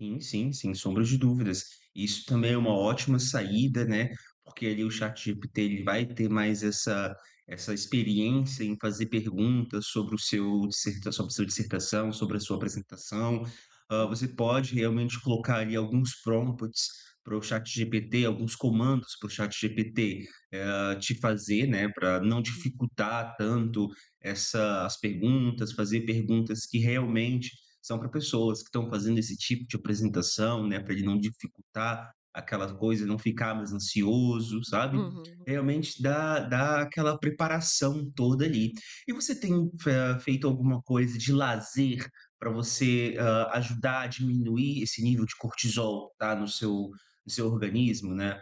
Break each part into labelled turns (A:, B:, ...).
A: Sim, sim, sem sombra de dúvidas. Isso também é uma ótima saída, né, porque ali o ChatGPT, ele vai ter mais essa essa experiência em fazer perguntas sobre o seu dissertação seu dissertação, sobre a sua apresentação. Hã, você
B: Uhum.
A: pode realmente colocar ali alguns prompts para o ChatGPT, alguns comandos para o ChatGPT, hã, te fazer, né, pra não
B: Uhum.
A: dificultar tanto essa as perguntas, fazer perguntas que realmente são pra pessoas que estão fazendo esse tipo de apresentação, né, pra ele não dificultar, aquelas coisas, não ficar mais ansioso, sabe?
B: Uhum.
A: Realmente dá dá aquela preparação toda ali. E você tem fe feito alguma coisa de lazer pra você, hã, ajudar a diminuir esse nível de cortisol, tá, no seu no seu organismo, né?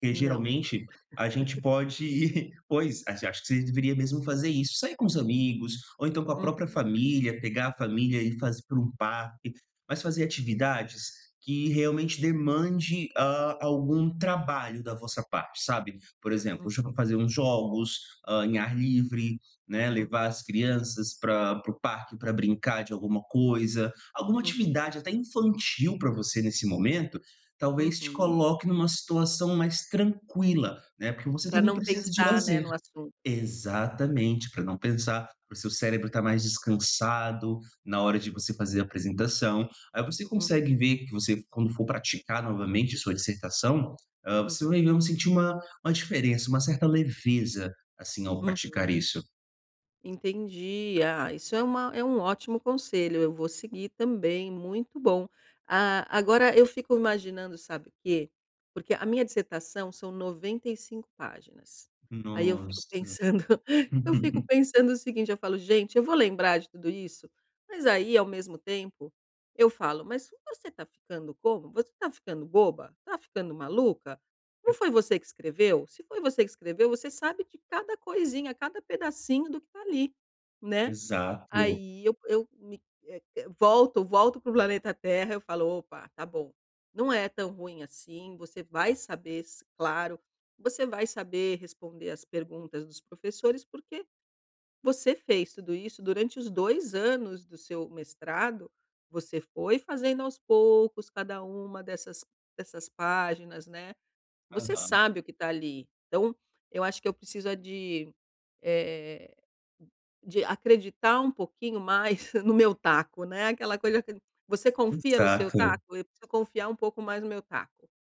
A: Porque
B: Não.
A: geralmente a gente pode pois, a acho que você deveria mesmo fazer isso. Sair com os amigos, ou então com a própria
B: Uhum.
A: família, pegar a família e fazer para um parque. Mas fazer atividades que realmente demande, hã, algum trabalho da vossa parte, sabe? Por exemplo,
B: Hum.
A: hoje eu vou fazer uns jogos, hã, em ar livre, né.
B: Hum.
A: Levar as crianças pra para o parque pra brincar de alguma coisa, alguma
B: Uhum.
A: atividade, até infantil pra você nesse momento, talvez te
B: Uhum.
A: coloque numa situação mais tranquila, né, porque você
B: Pra
A: também
B: não
A: precisa de
B: pensar, né,
A: lazer.
B: no assunto.
A: Exatamente, pra não pensar, para o seu cérebro está mais descansado na hora de você fazer a apresentação. Aí você
B: Hum.
A: consegue ver que você, quando for praticar novamente a sua dissertação, hã, você
B: Uhum.
A: vai ver sentir uma uma diferença, uma certa leveza, assim, ao praticar
B: Uhum.
A: isso.
B: Entendi. Ah, isso é uma é um ótimo conselho, eu vou seguir também, muito bom. Ah, agora eu fico imaginando sabe quê? Porque a minha dissertação são 95 páginas. Aí eu fico
A: Nossa.
B: pensando eu fico pensando o seguinte, eu falo: "Gente, eu vou lembrar de tudo isso?". Mas aí, ao mesmo tempo, eu falo: "Mas você está ficando como? Você está ficando boba? Está ficando maluca? Não foi você que escreveu? Se foi você que escreveu, você sabe de cada coisinha, cada pedacinho do que está ali". Né?
A: Exato.
B: Aí eu eu me eh, volto volto para o planeta Terra, eu falo: "Opa, está bom. Não é tão ruim assim, você vai saber s claro, você vai saber responder as perguntas dos professores, porque você fez tudo isso durante os 2 anos do seu mestrado. Você foi fazendo aos poucos, cada uma dessas dessas páginas, né. Você
A: Aham.
B: sabe o que está ali". Então, eu acho que eu preciso é de eh, de acreditar um pouquinho mais no meu taco, né. Aquela coisa que você confia no seu
A: Exato.
B: taco? Eu preciso confiar um pouco mais no meu taco.